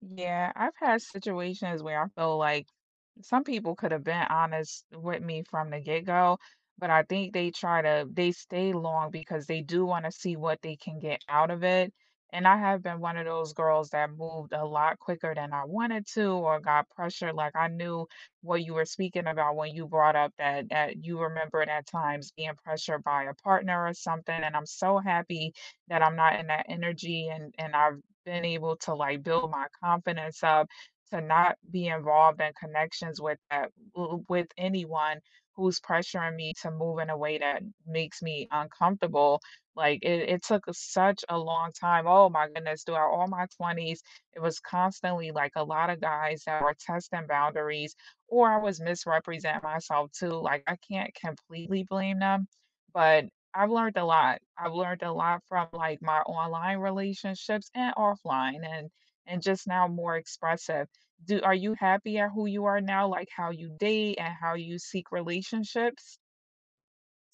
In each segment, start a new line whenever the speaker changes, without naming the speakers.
Yeah, I've had situations where I feel like some people could have been honest with me from the get-go, but I think they try to they stay long because they do wanna see what they can get out of it, and I have been one of those girls that moved a lot quicker than I wanted to, or got pressure like I knew what you were speaking about when you brought up that that you remember that times being pressured by a partner or something, and I'm so happy that I'm not in that energy and and I've been able to, like, build my confidence up to not be involved in connections with, uh, w with anyone who's pressuring me to move in a way that makes me uncomfortable, like, it it took such a long time, oh my goodness, throughout all my 20s, it was constantly, like, a lot of guys that were testing boundaries, or I was misrepresenting myself too, like, I can't completely blame them, but I've learned a lot, I've learned a lot from, like, my online relationships and offline, and and and just now more expressive. Do Are you happy at who you are now, like how you date, and how you seek relationships?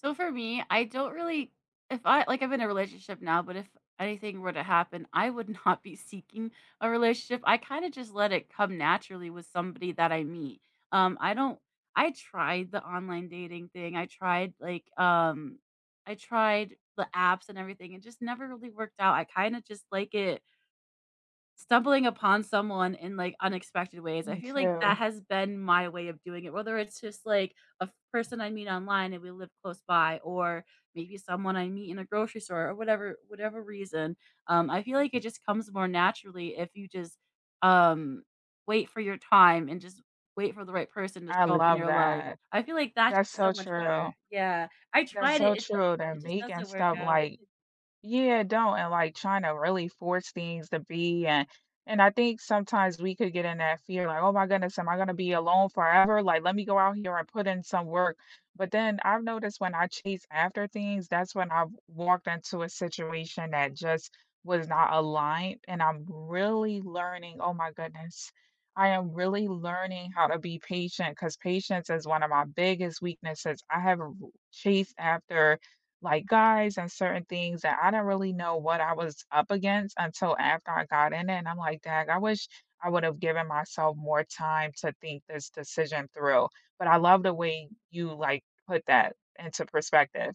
So for me, I don't really if I Like, I'm in a relationship now, but if anything were to happen, I would not be seeking a relationship, I kinda just let it come naturally with somebody that I meet, um, I don't I tried the online dating thing, I tried, like, um I tried the apps and everything, it just never really worked out, I kinda just like it stumbling upon someone in, like, unexpected ways, I
Me
feel like that
too.
has been my way of doing it, whether it's just, like, a f person I meet online, and we live close by, or maybe someone I meet in a grocery store, or whatever whatever reason, um, I feel like it just comes more naturally if you just, um, wait for your time, and just wait for the right person to
I
show up in
love
your life,
that.
I feel like that's
That's so
so much
true.
better. Yeah, I
That's
tried it,
so
it
true, they're
it just
making
doesn't work
stuff
out.
like Yeah, don't, and, like, tryna really force things to be and and I think sometimes we could get in that fear like, "Oh my goodness, am I gonna be alone forever?" Like, "Let me go out here, I put in some work." But then I've noticed when I chase after things, that's when I've walked into a situation that just was not aligned, and I'm really learning Oh my goodness, I am really learning how to be patient, 'cause patience is one of my biggest weaknesses, I have a r chased after, like, guys and certain things that I don't really know what I was up against until after I got in it, and I'm like, "Dang, I wish I would have given myself more time to think this decision through," but I love the way you, like, put that into perspective.